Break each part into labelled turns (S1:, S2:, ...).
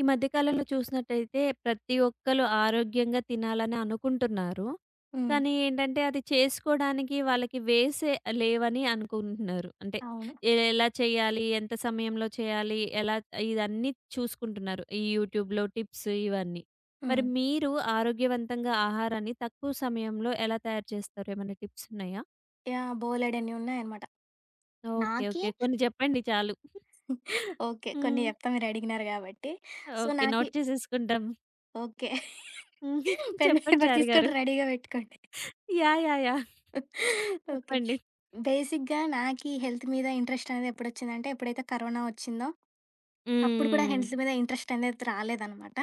S1: ఈ మధ్య కాలంలో చూసినట్టయితే ప్రతి ఒక్కళ్ళు ఆరోగ్యంగా తినాలననుకుంటున్నారు.
S2: హ్మ్.
S1: కానీ ఏంటంటే అది చేసుకోడానికి వాళ్ళకి వేసే లేవని అనుకుంటున్నారు. అంటే
S2: అవును.
S1: ఎ ఎలా చేయాలి? ఎంత సమయంలో చేయాలి? ఎలా ఇదన్నీ చూసుకుంటున్నారు. ఈ యూట్యూబ్‌లో టిప్స్ ఇవన్నీ. మరి
S2: హ్మ్.
S1: మీరు ఆరోగ్యవంతంగా ఆహారాన్ని తక్కువ సమయంలో ఎలా తయారు చేస్తారు? ఏమన్నా టిప్సున్నాయా?
S2: యాహ్! బోలేడన్నీ ఉన్నాయన్నమాట.
S1: ఓకే.
S2: నాకి
S1: ఓకే. కొన్ని చెప్పండి చాలు.
S2: ఓకే. కొన్ని
S1: హ్మ్.
S2: జెప్తా మీరడిగినారు కాబట్టి. So
S1: okay.
S2: నాకి
S1: నోట్ చేసేసుకుంటాం.
S2: ఓకే. పెన్ను,
S1: చెప్పండి
S2: పేపరు తీసుకొని
S1: చారిగారు.
S2: రెడీగా బెట్టుకోండి.
S1: యాహ్! యాహ్! యాహ్!
S2: ఓకే.
S1: చెప్పండి.
S2: బేసిక్‌గా నాకి హెల్త్ మీద ఇంట్రెస్టనేది ఎప్పుడొచ్చిందంటే, ఎప్పుడైతే కరోనా వచ్చిందో, అప్పుడు కూడా
S1: హ్మ్. హ్మ్.
S2: హెల్త్ మీద ఇంట్రెస్టనేది రాలేదనమాట.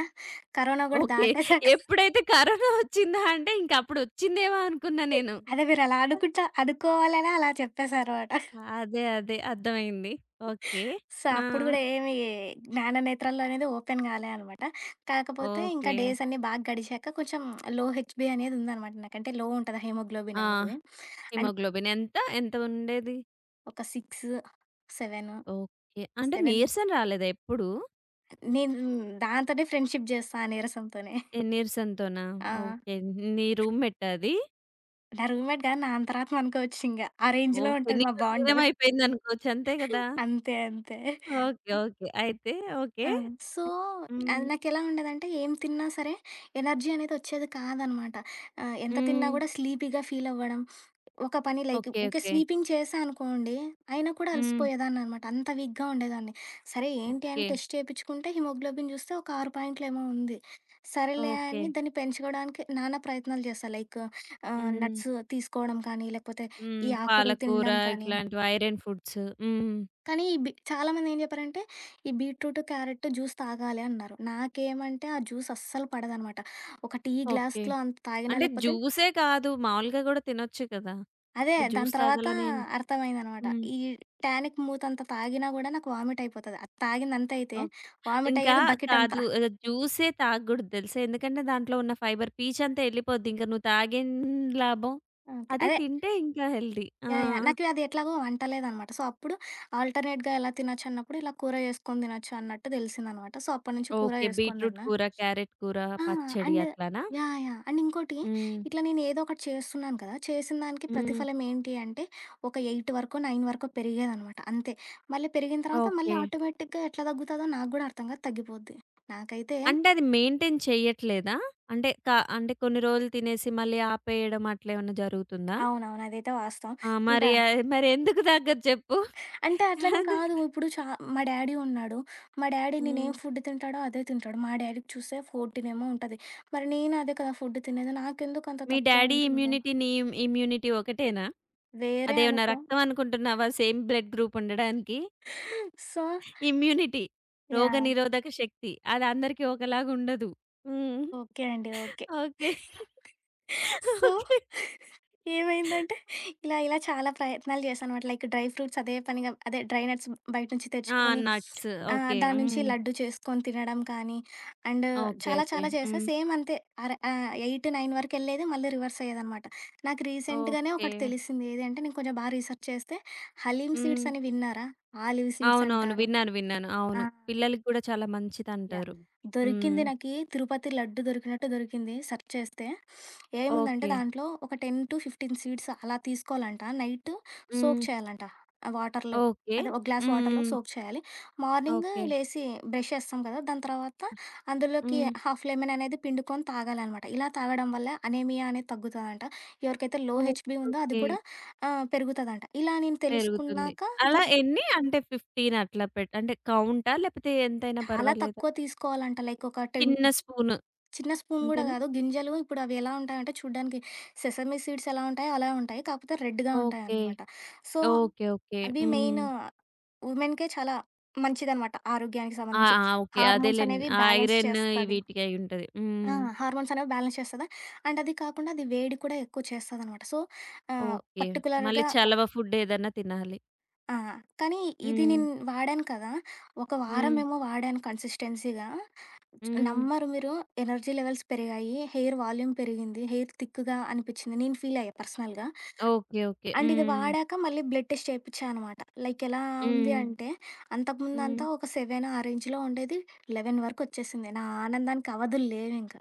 S2: కరోనా కూడా
S1: ఓకే.
S2: దాటేసాక
S1: ఎప్పుడైతే కరోనా ఒచ్చిందా అంటే ఇంకప్పుడొచ్చిందేమో అనుకున్నా నేను.
S2: అదే మీరలా
S1: అ!
S2: అనుకుంటా అనుకోవాలనే అలా చెప్పేసాన్నమాట.
S1: అదే అదే. అర్థమైంది. ఓకే.
S2: సో,
S1: ఆ!
S2: అప్పుడు గూడా ఏమి జ్ఞాననేత్రాలనేది ఓపెన్ గాలే అనమాట. కాకపోతే ఇంకా
S1: ఓకే.
S2: డేసన్నీ బాగా గడిచాక కొంచెం లో హెచ్‌బి అనేదుందనమాట. నాకంటే లో ఉంటది హిమోగ్లోబిన్
S1: ఆ!
S2: అనేది. అండ్
S1: హిమోగ్లోబిన్ ఎంత ఎంత ఉండేది?
S2: ఒక 6, సెవెను,
S1: ఓకే. అంటే,
S2: 7
S1: నీరసం రాలేదా ఎప్పుడు?
S2: నేను దాంతోనే ఫ్రెండ్‌షిప్ జేస్తా ఆ నీరసంతోనే.
S1: ఏ నీరసంతోనా?
S2: ఆ!
S1: ఓకే. నీ రూమ్ మెట్టా అది.
S2: నా రూమ్‌మెట్‌గా, నా అంతరాత్మ అనుకోవచ్చు ఇంగా, ఆ రేంజ్‌లో
S1: ఓకే.
S2: ఉంటది మా
S1: నీలో
S2: బాండ్.
S1: లీనమయిపోయిందనుకోవచ్చు. అంతే గదా!
S2: అంతే. అంతే.
S1: ఓకే. ఓకే. అయితే, ఓకే.
S2: ఆ! సో, అది
S1: హ్మ్.
S2: నాకెలా ఉండేదంటే ఏం తిన్నా సరే, ఎనర్జీ అనేది ఒచ్చేది కాదనమాట. ఆహ్, ఎంత తిన్నా
S1: హ్మ్.
S2: గూడా స్లీపీగా ఫీలవ్వడం. ఒక పని లైక్
S1: ఓకే.
S2: ఇంకా
S1: ఓకే.
S2: స్వీపింగ్ చేశానుకోండి, అయినా కూడా
S1: హ్మ్.
S2: అలసిపోయేదాన్నినమాట. అంత వీక్‌గా ఉండేదాన్ని. సరే ఏంటి అని
S1: ఓకే.
S2: టెస్ట్ చేపిచ్చుకుంటే, హిమోగ్లోబిన్ జూస్తే ఒక 6 పాయింటులు ఏమో ఉంది. సరేలే, అని
S1: ఓకే.
S2: దాన్ని పెంచుగోవడానికి, నానా ప్రయత్నాలు జేసా. లైక్ ఆహ్,
S1: హ్మ్.
S2: నట్స్ తీసుకోవడం కానీ, లేకపోతే,
S1: హ్మ్.
S2: ఈ ఆకూరలు
S1: పాలకూర
S2: తినడం కానీ
S1: ఇట్లాంటివి ఐరన్ ఫుడ్స్. హ్మ్.
S2: కానీ, ఈ బి చాలామంది ఏం జెప్పారంటే, ఈ బీట్రూట్, క్యారెట్ జ్యూస్ తాగాలీ అన్నారు. నాకేమంటే, ఆ జ్యూస్ అస్సలు పడదనమాట. ఒక టీ
S1: ఓకే.
S2: గ్లాస్‌లో అంత తాగినా
S1: అంటే,
S2: లేపోతే
S1: జ్యూసే కాదు. మామూలుగా గూడా తినొచ్చు కదా!
S2: అదే.
S1: అంటే,
S2: దాని
S1: జ్యూస్
S2: తర్వాత
S1: తాగాలనేం
S2: అర్థమైందనమాట.
S1: హ్మ్.
S2: ఈ టానిక్ మూతంత తాగినా గూడా నాకు వామిట్ అయిపోతది. ఆ తాగిందంతయితే
S1: ఓకే. ఇంకా
S2: వామిటయ్యేది బకెటంతా.
S1: కాదు. జూసే తాగగోడదు తెలుసా? ఎందుకంటే, దాంట్లో ఉన్న ఫైబర్ పీచ్ అంతా ఎళ్ళిపోద్ది. ఇంక నువ్వు తాగేం లాభం.
S2: ఓకే.
S1: అదే
S2: అదే
S1: తింటే ఇంకా హెల్దీ. ఆ!
S2: యాహ్! యాహ్! నాకు అది ఎట్లాగో అంటలేదనమాట. సో, అప్పుడు ఆల్టర్నేట్‌గా ఎలా తినొచ్చు అన్నప్పుడు ఇలా కూర చేసుకొని దినొచ్చు అన్నట్టు దెలిసిందనమాట. సో, అప్పటి నుంచి కూర
S1: ఓకే.
S2: చేసుకొని
S1: బీట్రూట్
S2: దిన్న.
S1: కూర, క్యారెట్ కూర,
S2: ఆ!
S1: పచ్చడి
S2: అండ్
S1: అట్లనా?
S2: యాహ్! యాహ్! అండ్, ఇంకోటి
S1: హ్మ్.
S2: ఇట్లా నేనేదోకటి చేస్తున్నాను కదా! చేసినదానికి
S1: హ్మ్.
S2: ప్రతిఫలం ఏంటి అంటే, ఒక 8 వరకో, 9 వరకో పెరిగేదనమాట అంతే. మళ్ళీ పెరిగిన తర్వాత, మళ్ళీ
S1: ఓకే.
S2: ఆటోమేటిక్‌గా ఎట్లా దగ్గుతాదో నాకు గూడా అర్థం కాదు తగ్గిపోద్ది. నాకైతే
S1: అంటే, అది మెయింటైన్ చేయ్యట్లేదా? అంటే, కా అంటే, కొన్ని రోజులు తినేసి, మళ్ళీ ఆపేయడం అట్లేమన్నా జరుగుతుందా?
S2: అవునవును. అదైతే వాస్తవం.
S1: ఆ! మరి
S2: ఇంకా
S1: ఆయ్ మరేందుకు దగ్గదు చెప్పు?
S2: అంటే,
S1: అంది
S2: అట్లనికాదు. ఇప్పుడు చా మా డాడీ ఉన్నాడు. మా డాడీ నేనేం
S1: హ్మ్.
S2: ఫుడ్ తింటాడో అదే తింటాడు. మా డాడీకి చూస్తే 14 ఏమో ఉంటది. మరి నేను అదే కదా! ఫుడ్ తినేది. నాకెందుకు అంత
S1: మీ
S2: తక్కువ
S1: డ్యాడీ
S2: ఉంటుంది?
S1: ఇమ్యూనిటీ నీ ఇమ్ ఇమ్యూనిటీ ఒకటేనా?
S2: వేరే
S1: అదేమన్నా
S2: అనుకో
S1: రక్తం అనుకుంటున్నావా సేమ్ బ్లడ్ గ్రూప్ ఉండడానికి?
S2: So
S1: immunity.
S2: యాహ్!
S1: రోగనిరోధక శక్తి. అది అందరికీ ఒకలాగా ఉండదు. హ్మ్.
S2: ఓకే అండి. ఓకే.
S1: ఓకే.
S2: So,
S1: okay.
S2: ఏమైందంటే, ఇలా ఇలా చాలా ప్రయత్నాలు జేశానమాట. లైక్ డ్రై ఫ్రూట్స్ అదే పనిగా అదే డ్రైనట్స్ బయట నుంచి
S1: ఆ!
S2: తెచ్చుకొని,
S1: నట్స్.
S2: ఆహ్,
S1: ఓకే.
S2: దాని నుంచి
S1: హ్మ్.
S2: లడ్డూ చేసుకొని తినడం కానీ, అండ్,
S1: ఓకే.
S2: చాలా
S1: ఓకే.
S2: చాలా చేశా.
S1: హ్మ్.
S2: సేమ్ అంతే. అర ఆహ్, 8, 9 వరకెళ్ళేది మళ్ళీ, రివర్సయ్యేదనమాట. నాకు రీసెంట్‌గానే ఒకటి
S1: ఓకే.
S2: తెలిసింది. ఏది అంటే, నేను కొంచెం బాగా రీసెర్చ్ చేస్తే, హలీమ్ సీడ్స్
S1: హ్మ్.
S2: అని విన్నారా? ఆలీవ్ సీడ్స్
S1: అవునవును.
S2: అంటారు?
S1: విన్నాను. విన్నాను. అవును.
S2: ఆ!
S1: పిల్లలకి గూడా చాలా
S2: యాహ్!
S1: మంచిదంటారు. హ్మ్.
S2: దొరికింది. నాకి తిరుపతి లడ్డు దొరికినట్టు దొరికింది సెర్చ్ చేస్తే. ఏముందంటే
S1: ఓకే.
S2: దాంట్లో, ఒక 10-15 సీడ్స్ అలా తీసుకోవాలంట. నైట్ సోక్
S1: హ్మ్.
S2: చేయాలంటా ఆ వాటర్‌లో.
S1: ఓకే.
S2: అదే ఒక గ్లాస్
S1: హ్మ్.
S2: వాటర్‌లో
S1: హ్మ్.
S2: సోక్ చేయాలి. Morning
S1: okay.
S2: లేసి బ్రష్ చేస్తాం కదా! దాని తర్వాత అందులోకి
S1: హ్మ్.
S2: హాఫ్‌‌‌ లెమన్ అనేది పిండుకొని తాగాలనమాట. ఇలా తాగడం వల్ల అనేమియా అనేది తగ్గుతదంట. ఎవరికైతే లో
S1: ఓకే.
S2: హెచ్‌బి ఉందో అది
S1: ఓకే.
S2: కూడా ఆహ్, పెరుగుతదంటా. ఇలా నేను
S1: పెరుగుతుంది.
S2: తెలుసుకున్నాకా దా
S1: అలా ఎన్ని? అంటే, 15 అట్లా పెట్ అంటే, కౌంటా? లేకపోతే, ఎంతైనా
S2: చాలా
S1: పర్వాలేదా?
S2: తక్కువ తీసుకోవాలంటా. లైక్ ఒక 10
S1: చిన్న స్పూను.
S2: చిన్న స్పూన్ గూడా
S1: అంతేనా?
S2: కాదు. గింజలు ఇప్పుడు అవి ఎలా ఉంటాయంటే, చూడ్డానికి సెసమి సీడ్స్ ఎలా ఉంటాయో అలా ఉంటాయి. కాపోతే, రెడ్‌గా
S1: ఓకే.
S2: ఉంటాయన్నమాట. So,
S1: okay. ఓకే.
S2: అది
S1: హ్మ్.
S2: మెయిన్ వుమెన్‌కి చాలా మంచిదనమాట ఆరోగ్యానికి
S1: ఆ!
S2: సంబంధించి.
S1: ఆ! ఓకే.
S2: హార్మోన్స్
S1: అదేలెండి.
S2: అనేవి
S1: ఆ
S2: బ్యాలెన్స్
S1: ఐరన్
S2: చేస్తది.
S1: వీటికి అయి ఉంటది.
S2: ఆ!
S1: హ్మ్.
S2: హార్మోన్స్ అనేవి బ్యాలెన్స్ చేస్తదా! అండ్, అది కాకుండా అది వేడి కూడా ఎక్కువ చేస్తదనమాట. సో, ఆహ్,
S1: ఓకే. మళ్ళీ
S2: పర్టిక్యులర్‌గా
S1: చలవ ఫుడ్ ఏదన్నా తినాలి.
S2: ఆ! కానీ ఇది నేను
S1: హ్మ్.
S2: వాడాను కదా! ఒక
S1: హ్మ్.
S2: వారమేమో వాడాను కన్సిస్టెన్సీగా
S1: హ్మ్.
S2: నమ్మరు మీరు ఎనర్జీ లెవెల్స్ పెరిగాయి. హెయిర్ వాల్యూమ్ పెరిగింది. హెయిర్ థిక్‌గా అనిపించింది. నేను ఫీల్ అయ్యా పర్సనల్‌గా.
S1: ఓకే. ఓకే.
S2: అండ్ ఇది
S1: హ్మ్.
S2: వాడాక మళ్ళీ బ్లడ్ టెస్ట్ చేపించానమాట. లైక్ ఎలా ఉంది
S1: హ్మ్.
S2: అంటే
S1: హ్మ్.
S2: అంతకుముందంత ఒక సెవెను ఆ రేంజ్‌లో ఉండేది 11 వరకు ఒచ్చేసింది. నా ఆనందానికి అవధులు లేవింక.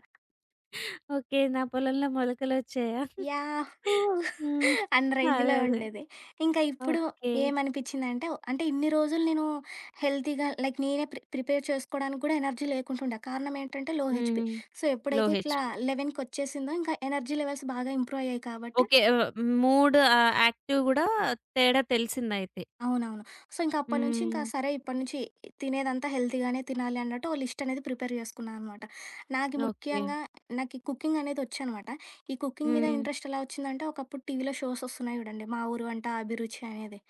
S1: ఓకే. నా పొలంలో మొలకలొచ్చాయా?
S2: యాహూ!
S1: హ్మ్,
S2: అన్ని
S1: అదే
S2: రేంజ్‌లో
S1: అదే.
S2: ఉండేది. ఇంకా ఇప్పుడు
S1: ఓకే.
S2: ఏమనిపిచిందంటే అంటే ఇన్ని రోజులు నేను హెల్తీగా లైక్ నేనే ప్రి ప్రిపేర్ చేసుకోవడానికి కూడా ఎనర్జీ లేకుంటూండె. కారణం ఏంటంటే లో
S1: హుహు.
S2: హెచ్‌పి. సో,
S1: లో
S2: ఎప్పుడైతే
S1: హెచ్‌
S2: ఇట్లా
S1: బి.
S2: 11 కొచ్చేసిందో ఇంకా ఎనర్జీ లెవెల్స్ బాగా ఇంప్రూవ్ అయ్యాయి కాబట్టి
S1: ఓకే. ఆహ్, మూడ్ ఆహ్, యాక్టివ్ గూడా తేడా తెలిసిందైితే.
S2: అవునవును. సో, ఇంకా అప్పటినుంచి ఇంకా
S1: హ్మ్.
S2: సరే ఇప్పటినుంచి తినేదంతా హెల్తీగానే తినాలి అన్నట్టు ఓ లిస్ట్ అనేది ప్రిపేర్ చేసుకున్నా అనమాట. నాకి
S1: ఓకే.
S2: ముఖ్యంగా నాకి కుకింగ్ అనేది ఒచ్చనమాట. ఈ కుకింగ్ మీద
S1: హ్మ్.
S2: ఇంట్రెస్ట్ ఎలా ఒచ్చిందంటే ఒకప్పుడు టీవీలో షోస్ ఒస్తున్నాయి జూడండి. మా ఊరు అంట అభిరుచి అనేది...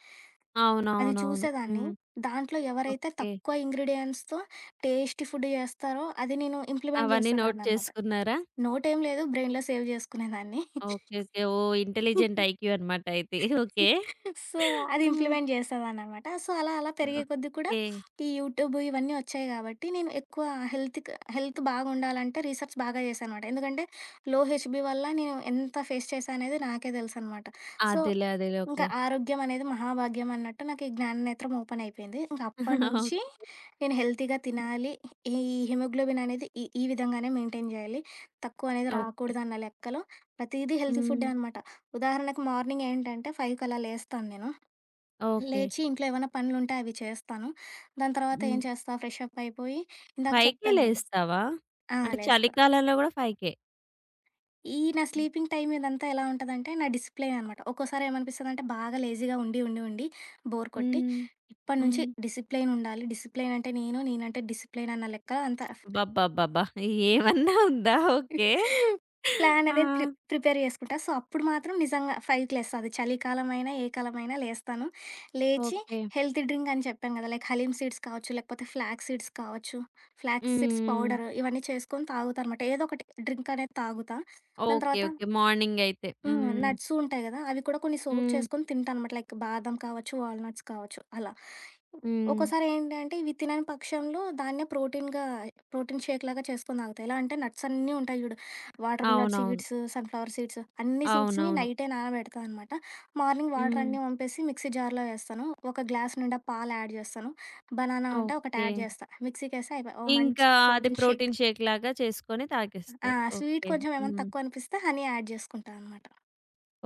S2: అది
S1: అవునవునవును.
S2: చూసేదాన్ని.
S1: హ్మ్.
S2: దాంట్లో ఎవరైతే
S1: ఓకే.
S2: తక్కువ ఇంగ్రీడియెంట్స్‌తో టేస్టి ఫుడ్ జేస్తారో అది నేను ఇంప్లిమెంట్
S1: అవన్నీ నోట్
S2: చేసేదాన్నినమాట.
S1: చేసుకున్నారా?
S2: నోట్ ఏమి లేదు. బ్రెయిన్‌లో సేవ్ జేసుకునేదాన్ని.
S1: ఓకే. ఓకే. ఓహ్! ఇంటెలిజెంట్ ఐక్యూ అనమాట అయితే. ఓకే.
S2: సో, అది
S1: హ్మ్.
S2: ఇంప్లిమెంట్ చేసేదాననమాట. సో, అలా అలా పెరిగే కొద్దీ కూడా
S1: ఓకే.
S2: ఈ యూట్యూబ్ ఇవన్నీ ఒచ్చాయి కాబట్టి నేను ఎక్కువ హెల్త్‌కి హెల్త్ బాగుండాలంటే రీసెర్చ్ బాగా చేశానమాట. ఎందుకంటే లో హెచ్‌బి వల్ల నేను ఎంత ఫేస్ చేశా అనేది నాకే తెలుసనమాట. సో,
S1: అదేలే. అదేలే.
S2: ఇంకా
S1: ఓకే.
S2: ఆరోగ్యం అనేది మహాభాగ్యం అన్నట్టు నాకు ఈ జ్ఞాననేత్రం ఓపెన్ అయిపోయింది. ఇంక అప్పటినుంచి నేను హెల్తీగా తినాలి. ఈ ఈ హిమోగ్లోబిన్ అనేది ఈ ఈ విధంగానే మెయింటైన్ చేయాలి. తక్కువ అనేది
S1: ఓకే.
S2: రాకూడదు అన్న లెక్కలో ప్రతీదీ హెల్తీ ఫుడ్డే
S1: హ్మ్.
S2: అనమాట. ఉదాహరణకి మార్నింగ్ ఏంటంటే 5 కలా లేస్తాను నేను.
S1: ఓకే.
S2: లేచి ఇంట్లో ఏమన్నా పనులుంటే అవి చేస్తాను. దాని తర్వాత
S1: హ్మ్.
S2: ఏం చేస్తా ఫ్రెష్ అప్ అయిపోయి ఇందాక
S1: పైకే
S2: చెప్పాను.
S1: లేస్తావా?
S2: ఆ!
S1: అంటే
S2: లేస్తా.
S1: చలికాలంలో కూడా 5?
S2: ఈ నా
S1: హ్మ్.
S2: స్లీపింగ్ టైమ్ ఇదంతా ఎలా ఉంటదంటే నా డిసిప్లెయన్ అనమాట. ఒక్కోసారి ఏమనిపిస్తదంటే, బాగా లేజీగా ఉండి, ఉండి, ఉండి బోర్ కొట్టి,
S1: హ్మ్.
S2: ఇప్ప‌డి నుంచి
S1: హ్మ్.
S2: డిసిప్లెయన్ ఉండాలి. డిసిప్లెయన్ అంటే నేను, నేనంటే డిసిప్లెయన్ అన్న లెక్కల అంత ఫ్
S1: అబ్బబ్బబ్బబ్బా! ఏమన్నా ఉందా! ఓకే.
S2: ప్లాన్
S1: ఆ!
S2: అ‌దే ప్రి ప్రిపేర్ చేసుకుంటా. సో, అప్పుడు మాత్రం నిజంగా 5కి లేెస్త అది చలికాలమైనా, ఏ కాలమైనా లేస్తాను. లేచి
S1: ఓకే.
S2: హెల్త్ డ్రింక్ అని చెప్పాను గదా! లైక్ హలీమ్ సీడ్స్ కావచ్చు, లేకపోతే ఫ్లాక్ సీడ్స్ కావచ్చు, ఫ్లాక్ సీడ్స్
S1: హ్మ్.
S2: పౌడర్ ఇవన్నీ చేసుకొని తాగుతానమాట. ఏదో ఒకటి డ్రింకనేది తాగుతా. దాని
S1: ఓకే.
S2: తర్వాత
S1: ఓకే. మార్నింగయితే.
S2: హ్మ్.
S1: హ్మ్.
S2: నట్స్ ఉంటాయి గదా! అవి కూడా కొన్ని సోక్
S1: హ్మ్.
S2: చేసుకొని తింటానమాట. లైక్ బాదం కావచ్చు, వాల్ నట్స్ కావచ్చు, అలా
S1: హ్మ్.
S2: ఒ‌కొసారి ఏంటి అంటే, ఇవి తినని పక్షంలో, దాన్నే ప్రోటీన్‌గా ప్రోటీన్ షేక్‌లా చేసుకొని తాగుతా. ఎలా అంటే నట్సన్నీ ఉంటాయి జూ‌డు వాటర్ మెలన్
S1: అవునవును.
S2: సీడ్స్, సన్ ఫ్లవర్ సీడ్స్ అన్ని సీడ్స్‌ని
S1: అవునవును.
S2: నైటే నానబెడతానమాట. మార్నింగ్
S1: హ్మ్.
S2: వాటరన్నీ వంపేసి మిక్సీ జార్‌లో వేస్తాను. ఒక గ్లాస్ నిండా పాలు యాడ్ జేస్తాను. బనానా ఉంటే ఒకటి యాడ్
S1: ఓకే.
S2: జేస్తా. మిక్సీ కేస్తే అయిపాయే, ఒక మంచి
S1: ఇంకా, అది
S2: ప్రోటీన్ షేక్
S1: ప్రోటీన్ షేక్‌లాగా చేసుకొని
S2: ఆ!
S1: తాగేస్తారు.
S2: Sweet
S1: okay.
S2: కొంచెం ఏమన్నా
S1: హ్మ్.
S2: తక్కువనిపిస్తే హనీ యాడ్ జేసుకుంటానమాట.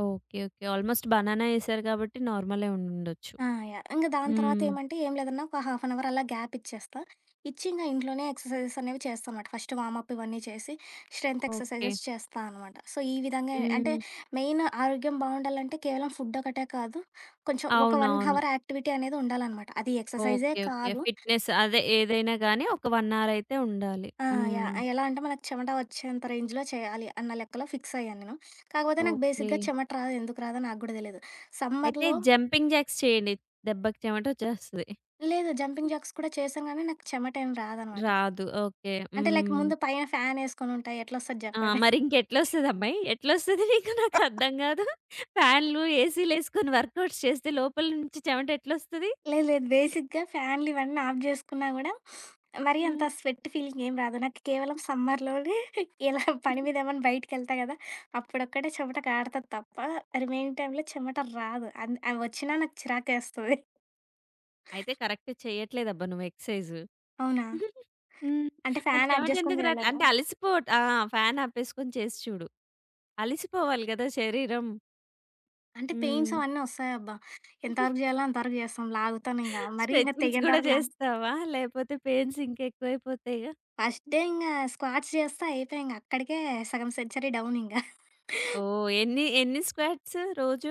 S1: ఓకె. ఓకె. ఆల్మోస్ట్ బనానా ఏసారు గాబట్టి నార్మలే ఉండుండొచ్చు.
S2: ఆ! యాహ్! ఇంగ దాని తర్వాత
S1: హ్మ్.
S2: ఏమంటే ఏం లేదన్నా ఒక హాఫ్ అన్ అవర్ అలా గ్యాప్ ఇచ్చేస్తా. ఇచ్చి ఇంగ ఇంట్లోనే ఎక్సర్‌‌సైజెస్ అనేవి చేస్తానమాట. ఫస్టు వామప్పు ఇవన్నీ చేసి, స్ట్రెన్త్
S1: ఓకె.
S2: ఎక్సర్‌‌సైజెస్ చేస్తా అనమాట. సో, ఈ విధంగా అంటే
S1: హ్మ్.
S2: మెయిన్ ఆరోగ్యం బావుండాలంటే కేవలం ఫుడ్ ఒకటే కాదు, కొంచెం ఒక 1
S1: అవునవును.
S2: హవర్ యాక్టివిటీ అనేది ఉండాలనమాట. అది ఎక్సర్‌‌సైజే
S1: ఓకె. ఓకె.
S2: కాదు
S1: ఫిట్‌‌నెస్ అదే ఏదైనాగానీ ఒక 1 అవర్ అయితే ఉండాలి.
S2: ఆ! యాహ్!
S1: హ్మ్.
S2: ఆ! ఎలా అంటే మనకు చెమట ఒచ్చేంత రేంజ్‌లో చేయాలి అన్న లెక్కలో ఫిక్సయ్యానేను. కాకపోతే నాకు బేసిక్‌గా
S1: ఓకె.
S2: చెమట రాదు, ఎందుకు రాదో నాకు గూడా తెలీదు.
S1: అయితే
S2: సమ్మర్‌లో
S1: జంపింగ్ జాక్స్ చేయండి దెబ్బకి చెమటొచ్చేస్తది.
S2: లేదు. జంపింగ్ జాక్స్ కూడా చేశాంగానీ నాకు చెమటేమి రాదనమాట.
S1: రాదు. ఓకె.
S2: అంటే లైక్
S1: హ్మ్.
S2: ముందు పైన ఫ్యానేసుకొనుంటా ఎట్లొస్తది
S1: ఆ!
S2: జెప్పండి.
S1: మరింకెట్లొస్తదమ్మాయి? ఎట్లొస్తది మీకు నాకర్థం గాదు. ఫ్యాన్లు, ఏసీ‌‌లేసుకొని వర్క్ ఔట్స్ చేస్తే లోపల నుంచి చెమట ఎట్లొస్తది?
S2: లేదు. లేదు. బేసిక్‌గా ఫ్యాన్‌‌‌‌‌‌‌‌‌‌‌‌లివన్నీ ఆఫ్ జేసుకున్నా గూడా, మరీ అంత
S1: హ్మ్.
S2: స్వెట్ ఫీలింగేం రాదు. నాకు కేవలం సమ్మర్‌‌లోనే ఇలా పని
S1: హుహు.
S2: మీద ఏమన్నా బయటికెళ్తా గదా! అప్పుడొక్కటే చెమట కారతాది తప్ప రిమైనింగ్ టైమ్‌లో చెమట రాదు. అం ఆ వచ్చినా నాకు చిరాకేస్తది.
S1: అయితే కరెక్ట్ చెయట్లేదబ్బా నువ్వు ఎక్స్‌సైజు.
S2: అవునా!
S1: హ్మ్.
S2: అంటే
S1: మరి
S2: ఫ్యాన్ ఆఫ్ జేసుకొని
S1: చెమటెందుకు రాట్లే?
S2: జేయలేమొ?
S1: అంటే అలసిపోట్ ఆ! ఫ్యానాపెసుకొని చేసి చూడు. అలసిపోవాలి గదా! శరీరం.
S2: అంటే పెయిన్స్
S1: హ్మ్.
S2: అవన్నీ ఒస్తాయబ్బా! ఎంతవరకు జేయాలో అంతవరకు జేస్తాం లాగుతానింగా. మరి ఇంక
S1: స్టెచింగ్స్
S2: తెగేంత
S1: గూడా
S2: వరకు లా
S1: జేస్తావా? లేపోతే పెయిన్స్ ఇంకెవువైపోతాయిగా?
S2: ఫస్ట్ డే ఇంగ స్క్వాట్స్ జేస్తే అయిపాయె ఇంగ అక్కడికే సగం సెంచరీ డౌనింగ.
S1: ఓహ్! ఎన్ని ఎన్ని స్క్వాట్స్ రోజు?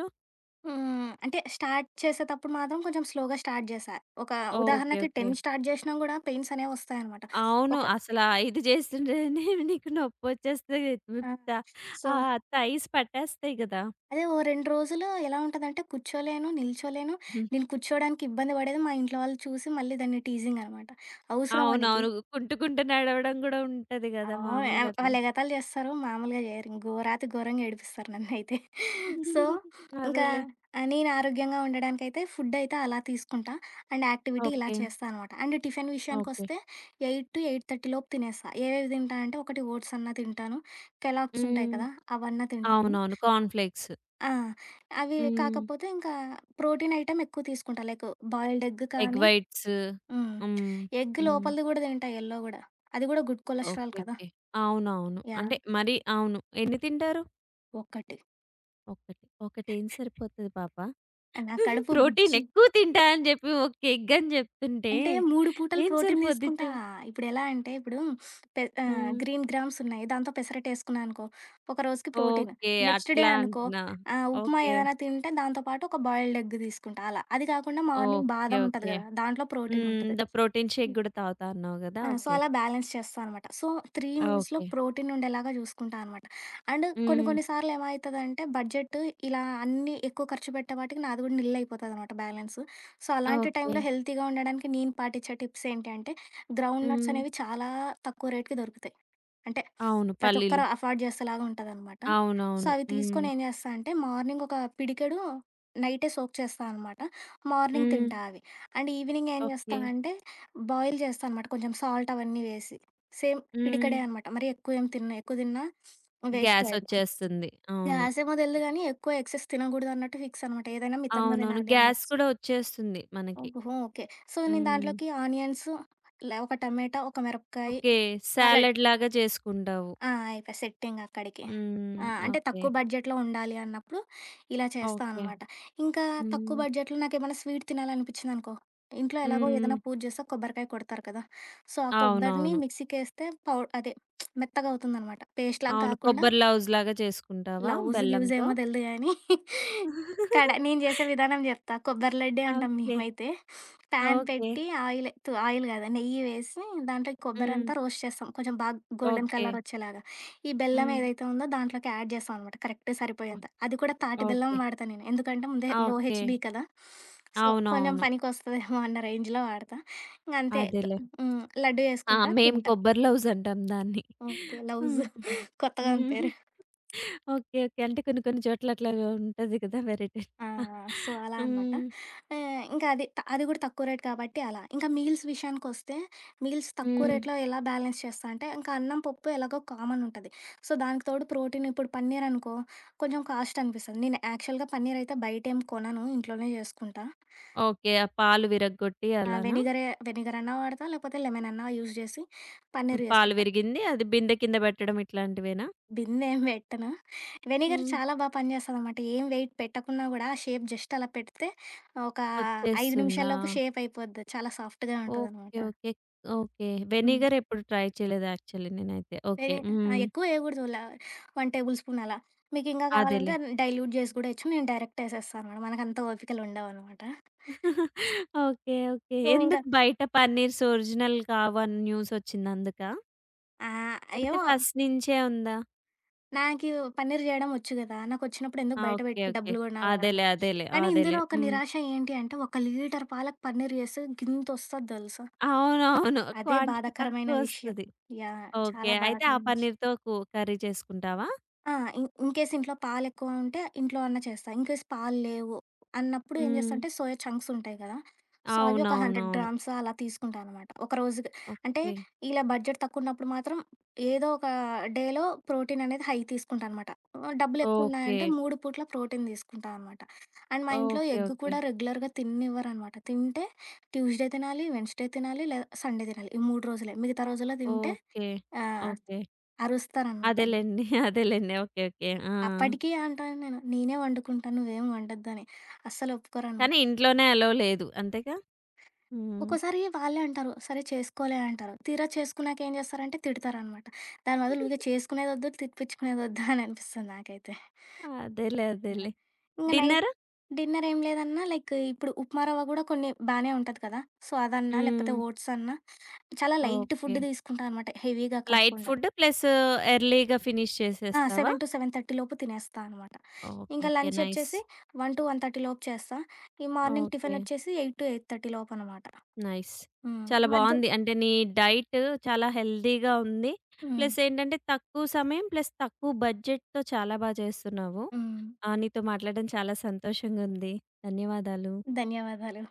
S2: హ్మ్. అంటే స్టార్ట్ చేసేటప్పుడు మాత్రం కొంచెం స్లోగా స్టార్ట్ జేశా. ఒక
S1: ఓకే.
S2: ఉదాహరణకి
S1: ఓకే.
S2: 10 స్టార్ట్ జేసినా కూడా పెయిన్సనేవొస్తాయనమాట.
S1: అవును.
S2: ఒక
S1: అసల 5 జేస్తుంటేనే నీకు నొప్పొచ్చేస్తాయి
S2: ఆ!
S1: విప్తా
S2: సో
S1: ఆహ్, తైస్ పట్టేస్తాయి గదా!
S2: అదే ఓ రెండ్రోజులు ఎలా ఉంటదంటే కూర్చోలేను, నిల్చోలేను.
S1: హ్మ్.
S2: నేను కూర్చోవడానికి ఇబ్బంది బడేది మా ఇంట్లో వాళ్ళు చూసి, మళ్ళీ దాన్ని టీజింగనమాట "అవసరమా నీకి"
S1: అవునవును. కుంటూకుంటూ నడవడం గూడా ఉంటది
S2: ఆ!
S1: గదా! మామూలుగా
S2: ఓహ్!
S1: అట్లా.
S2: వాళ్ళేగతాలు జేస్తారు. మాములుగా జేయరు. గోరాతి గోరంగా ఏడిపిస్తారు నన్నైతే. సో, ఇంకా
S1: అదేలే.
S2: ఆ నేనరోగ్యంగా ఉండడానికైతే ఫుడ్డయితే అలా తీసుకుంటా. అండ్ యాక్టివిటీ ఇలా
S1: ఓకే.
S2: చేస్తా అనమాట. And tiffin
S1: okay.
S2: విషయాకొస్తే 8-8:30 లోపు తినేస్తా. ఏవేవి తింటా అంటే ఒకటి ఓట్సన్నా తింటాను. 'కెల్లాగ్స్' ఉంటాయి
S1: హ్మ్.
S2: కదా! అవన్నా తింటాను.
S1: అవునవును. కార్న్ ఫ్లేక్స్
S2: ఆ! అవి
S1: హ్మ్.
S2: కాకపోతే ఇంకా ప్రోటీన్ ఐటెమ్ ఎక్కువ తీసుకుంటా. లైక్ బాయిల్డ్ ఎగ్
S1: ఎగ్
S2: కానీ
S1: వైట్స్.
S2: హ్మ్.
S1: హ్మ్.
S2: ఎగ్
S1: హ్మ్.
S2: లోపలిది గూడా తింటా యెల్లో గూడా అది గూడా గుడ్ కొలస్రాల్
S1: ఓకే.
S2: కదా!
S1: ఓకే. అవునవును.
S2: యాహ్!
S1: అంటే మరి అవును. ఎన్ని తింటారు?
S2: ఒకటి
S1: ఒకటి. ఒకటేం సరిపోతది పాప?
S2: నా కడుపు బుచ్చి
S1: ప్రోటీనెక్కువ తింటాని చెప్పి ఒక ఎగ్ అని చెప్తుంటే,
S2: అంటే మూడు పూటలు
S1: ఏం సరి
S2: ప్రోటీన్
S1: పోద్ది
S2: తీసుకుంటా.
S1: చె
S2: ఇప్పుడెలా అంటే ఇప్పుడు పె ఆహ్,
S1: హ్మ్.
S2: గ్రీన్ గ్రామ్స్ ఉన్నాయి. దాంతో పెసరట్టు వేసుకున్నా అనుకో, ఒకరోజుకి ప్రోటీను.
S1: ఓకే.
S2: నెక్స్‌డే
S1: అట్లా
S2: అనుకో,
S1: అంటున్నా.
S2: ఆహ్, ఉప్మా
S1: ఓకే.
S2: ఏదైనా తింటే దాంతో పాటు ఒక బాయిల్డ్‌ ఎగ్ తీసుకుంటా అలా. అది కాకుండా మార్నింగ్
S1: ఓకే.
S2: బాధం ఉంటది
S1: ఓకే.
S2: కదా! దాంట్లో
S1: హ్మ్.
S2: ప్రోటీనుంటది.
S1: ద ప్రోటీన్ షేక్‌‌
S2: హ్మ్.
S1: గూడా తాగుతాన్నావు కదా!
S2: ఆ! So
S1: okay.
S2: అలా బ్యాలెన్స్ చేస్తా అనమాట. So 3 మీల్స్‌లో
S1: okay.
S2: ప్రోటీన్ ఉండేలాగా చూసుకుంటానమాట. అండ్ కొన్ని
S1: హ్మ్.
S2: కొన్ని సార్లు ఏమయితదంటే, బడ్జెట్ ఇలా అన్నీ ఎక్కువ ఖర్చు పెట్టే పాటికి, నాది కూడా నిల్ అయిపోతదనమాట బ్యాలెన్సు. సో అలాంటి టైంలో
S1: ఓకే.
S2: హెల్తీగా ఉండడానికి నేను పాటిిచ్చే టిప్స్ ఏంటి అంటే గ్రౌండ్ నట్స్
S1: హ్మ్.
S2: అనేవి చాలా తక్కువ రేట్‌కి దొరుకుతాయి. అంటే
S1: అవును.
S2: ప్రతి
S1: పల్లీలు.
S2: ఒక్కరు ఎఫార్డ్ చేసేలాగా ఉంటదనమాట. సో
S1: అవునవును.
S2: అవి తీసుకొని
S1: హ్మ్.
S2: ఏం‌ జేస్తా అంటే, మార్నింగ్ ఒక పిడికెడు నైటే సోక్ చేస్తానమాట. మార్నింగ్
S1: హ్మ్.
S2: తింటా అవి. అండ్ ఈవినింగ్ ఏం‌ చేస్తా
S1: ఓకే.
S2: అంటే బాయిల్ చేస్తానమాట కొంచెం సాల్ట్ అవన్నీ వేసి. సేమ్ పిడికెడే
S1: హ్మ్.
S2: అనమాట. మరి ఎక్కువేం తినను. ఎక్కువ తిన్నా వేస్టే
S1: గ్యాస్ ఒచ్చేస్తుంది.
S2: అనిపిస్తుంది.
S1: అవును.
S2: గ్యాసేమో తెలీదు గానీ, ఎక్కువ ఎక్సైస్ తినకూడదున్నట్టు ఫిక్సనమాట. ఏదైనా మితంగా
S1: అవునవును.
S2: తినాలి.
S1: గ్యాస్
S2: ఆనట్స్
S1: కూడా ఒచ్చేస్తుంది మనకి.
S2: ఓహో! ఓకే. సో నేను
S1: హ్మ్.
S2: దాంట్లోకి ఆనియన్సు, లా ఒక టమాటా, ఒక మిరపకాయ,
S1: ఓకే.
S2: సలాడ్
S1: సాలడ్‌‌‌లాగా చేసుకుంటావు.
S2: ఆ! అయిపాయ్. సెట్టింగక్కడికి.
S1: హ్మ్.
S2: ఆ! అంటే
S1: ఓకే.
S2: తక్కువ బడ్జెట్‌‌లో ఉండాలి అన్నప్పుడు ఇలా
S1: ఓకే.
S2: చేస్తానమాట. ఇంకా తక్కువ
S1: హ్మ్.
S2: బడ్జెట్‌లో నాకేమైనా స్వీట్ తినాలనిపించిందనుకో. ఇంట్లో
S1: హ్మ్.
S2: ఎలాగో ఏదైనా
S1: హ్మ్.
S2: పూజ చేస్తే కొబ్బరికాయ కొడతారు కదా! సో ఆ కొబ్బరిని
S1: అవునవును.
S2: మిక్సీకేస్తే పౌ అదే మెత్తగా అవుతుందనమాట. పేస్టులాగా
S1: అవును.
S2: గాకుండా
S1: కొబ్బరి లవుజులాగా చేసుకుంటావా
S2: లవుజు,
S1: బెల్లంతో?
S2: గివుజేమో తెలుదు‌గానీ కడ నేను చేసే విధానం చెప్తా. కొబ్బరి లడ్డే అంటాం
S1: ఓకే.
S2: మేమైతే. Pan
S1: okay.
S2: పెట్టి ఆయిల్ తు ఆయిల్ కాదు, నెయ్యి వేసి, దాంట్లో ఈ
S1: హ్మ్.
S2: కొబ్బరంతా రోస్ట్ చేస్తాం. కొంచెం బాగ గోల్డెన్
S1: ఓకే.
S2: కలర్ వచ్చేలాగా. ఈ బెల్లం
S1: హ్మ్.
S2: ఏదైతే ఉందో దాంట్లోకి యాడ్ చేస్తామనమాట. కరెక్ట్
S1: ఒ
S2: సరిపోయేంత. అది కూడా తాటి బెల్లం
S1: ఓకే.
S2: వాడతా నేను. ఎందుకంటే ముందే లో
S1: ఓకే.
S2: హెచ్‌బి కదా! సో కొంచెం
S1: అవునవును.
S2: పనికొస్తదేమో అన్న రేంజ్‌లో వాడతా. ఇంగ అంతే కొ
S1: అదేలే.
S2: హ్మ్. లడ్డూ
S1: ఆ!
S2: చేసుకుంటా
S1: మేము
S2: తింటా.
S1: కొబ్బరి లవుజంటాం దాన్ని.
S2: ఓకే. లవుజు. కొత్తగావుంది పేరు.
S1: ఓకే. ఓకే. అంటే కొన్ని కొన్ని చోట్ల అట్లాగా ఉంటది కదా! వెరైటీ.
S2: ఆ! సో అలా అనమాట.
S1: హ్మ్.
S2: ఆహ్, ఇంకా అది త అది కూడా తక్కువ రేటు కాబట్టి అలా. ఇంకా మీల్స్ విషయానికోస్తే, మీల్స్ తక్కువ
S1: హ్మ్.
S2: రేటులో ఎలా బ్యాలెన్స్ చేస్తా అంటే, ఇంకా అన్నం, పప్పు ఎలాగో కామనుంటది. సో దానికి తోడు ప్రోటీన్ ఇప్పుడు పన్నీరనుకో, కొంచెం కాస్టనిపిస్తది. నేను యాక్చువల్‌గా పన్నీరయితే బయటేం కొనను ఇంట్లోనే జేసుకుంటా.
S1: ఓకే. ఆ పాలు విరగ్గొట్టి
S2: ఆ!
S1: అలానా?
S2: వెనిగరే, వెనిగరన్నా వాడతా, లేకపోతే లెమనన్నా యూజ్ చేసి, పన్నీర్
S1: పాలు
S2: జేసుకుంటా.
S1: విరిగింది. అది బిందె కింద పెట్టడం ఇట్లాంటివేనా?
S2: బిందేం పెట్టను. వెనిగర్
S1: హ్మ్.
S2: చాలా బా పనిచేస్తదనమాట. ఏం వెయిట్ పెట్టకున్నా కూడా, ఆ షేప్ జస్ట్ అలా పెడితే ఒక 5
S1: వచ్చేస్తుందా?
S2: నిమిషాల్లోపు షేపయిపోద్ది. చాలా సాఫ్ట్‌గా
S1: ఓకే.
S2: ఉంటదనమాట.
S1: ఓకే. ఓకే.
S2: హ్మ్.
S1: వెనిగర్ ఎప్పుడు ట్రై చేయలేదు యాక్చువల్లీ నేనైతే. ఓకే.
S2: వెనీ ఆ!
S1: హ్మ్.
S2: ఎక్కువేయకూడదు. లా 1 టేబుల్ స్పూన్ అలా. మీకింగా కావాలంటే
S1: అదేలే.
S2: దాన్ని డైల్యూట్ జేసి గూడా వేయచ్చు. నేను డైరెక్ట్‌ వేసేస్తానమాట. మనకంత ఓపికలుండవనమాట.
S1: ఓకే. ఓకే.
S2: సో, ఇంకా
S1: ఎందుకు బయట పన్నీర్స్ ఒరిజినల్ కావని న్యూసొచ్చిందందుకా?
S2: ఆహ్,
S1: లేపోతే
S2: యవో
S1: ఫస్ట్ నుంచే ఉందా?
S2: నాకివూ పన్నీరు జేయడం ఒచ్చు గదా! నాకొచ్చినప్పుడు ఎందుకు
S1: ఆ!
S2: బయట
S1: ఓకే.
S2: పెట్టి
S1: ఓకే.
S2: డబ్బులు కొనాలా?
S1: అదేలే అదేలే.
S2: కానీ ఇందులో
S1: అదేలే.
S2: ఒక
S1: హ్మ్.
S2: నిరాశ ఏంటి అంటే ఒక లీటర్ పాలకు పన్నీర్ చేస్తే గింతొస్తది దెలుసా?
S1: అవునవును.
S2: అదే
S1: క్వాంటిటీ
S2: బాధాకరమైన
S1: తక్కువ
S2: విషయం.
S1: ఒస్తది.
S2: యాహ్!
S1: ఓకే.
S2: చాలా
S1: అయితే ఆ
S2: బాధాకరమైన విషయం.
S1: పన్నీర్‌తో కు కర్రీ చేసుకుంటావా?
S2: ఆ! ఇన్ ఇన్‌కే‌స్ ఇంట్లో పాలేక్కువ ఉంటే ఇంట్లో అన్నా చేస్తా. ఇన్కేస్ పాలు లేవు అన్నప్పుడు ఏం
S1: హ్మ్.
S2: జేస్తంటే సోయ చంక్స్ ఉంటాయి గదా! సో అవి ఒక హండ్రెడ్
S1: అవునవునవును.
S2: గ్రామ్స్ అలా తీసుకుంటా అనమాట. ఒక రోజుకి అంటే
S1: ఓకే.
S2: ఇలా బడ్జెట్ తక్కువన్నప్పుడు మాత్రం ఏదో ఒక డేలో ప్రోటీన్ అనేది హై తీసుకుంటా అనమాట. డబ్బులెక్కువ ఉన్నాయంటే
S1: ఓకే.
S2: 3 పూట్ల ప్రోటీన్ దీసుకుంటా అనమాట. అండ్ మా ఇంట్లో
S1: ఓకే.
S2: ఎగ్గు కూడా
S1: ఓకే.
S2: రెగ్యులర్‌గా తిన్నివ్వరనమాట. తింటే ట్యూస్‌డే తినాలి, వెడ్నెస్‌డే తినాలి లేదా సండే తినాలి. ఈ 3 రోజులే. మిగతా రోజుల్లో తింటే
S1: ఓకే.
S2: ఆహ్,
S1: ఓకే.
S2: అరుస్తారన్నమాట.
S1: అదేలెండి. అదేలెండి. ఓకే. ఓకే. ఆ!
S2: అప్పటికి అంటా ఉంటాను. నేనే వండుకుంటాను నువ్వేమి ఒండొద్దుని. అస్సలొప్పుకోరనమాట.
S1: కానీ ఇంట్లోనే అలౌ లేదు. అంతేగా. హ్మ్.
S2: ఒక్కోసారి వాళ్ళే అంటారు. సరే చేసుకోలే అంటారు. తీర చేసుకున్నాక ఏం చేస్తారంటే తిడతారనమాట. దాని బదులు ఊకె చేసుకునేదొద్దు తిపించుకునేదొద్దు అని అనిపిస్తుంది నాకైతే.
S1: అదేలే
S2: యాహ్!
S1: అదేలే.
S2: ఇంగ నైట్
S1: డిన్నరు?
S2: డిన్నర్ ఏమి లేదన్నా లైక్ ఇప్పుడు ఉప్మాారవ్వ కూడా కొన్ని బానె ఉంటది కదా! సో, అదన్నా లేపోతే
S1: హ్మ్.
S2: ఓట్స్ అన్నా చాలా లైట్ ఫుడ్
S1: ఓకే.
S2: దీసుకుంటానమాట. హెవీగా
S1: లైట్
S2: కాకుండా.
S1: ఫుడ్ ప్లస్ ఎర్లీగా ఫినిష్
S2: ఆ!
S1: చేసేస్తావా?
S2: 7- 7:30 లోపు తినేస్తా అనమాట.
S1: ఓకే.
S2: ఇంకా
S1: ఓకే.
S2: Lunch
S1: nice.
S2: ఒచ్చేసి 1- 1:30 లోపు చేస్తా. ఈ మార్నింగ్ టిఫిన్
S1: ఓకే.
S2: ఒచ్చేసి 8- 8:30 లోపనమాట.
S1: నైస్.
S2: హ్మ్.
S1: చాలా
S2: మధ్య
S1: బావుంది. అంటే నీ డైట్ చాలా హెల్తీగా ఉంది.
S2: హ్మ్.
S1: ప్లస్ ఏంటంటే తక్కువ సమయం ప్లస్ తక్కువ బడ్జెట్‌తో బడ్జెట్‌తో చాలా బా చేస్తున్నావు.
S2: హ్మ్.
S1: ఆ! నీతో మాట్లాడడం చాలా సంతోషంగా ఉంది. ధన్యవాదాలు.
S2: ధన్యవాదాలు.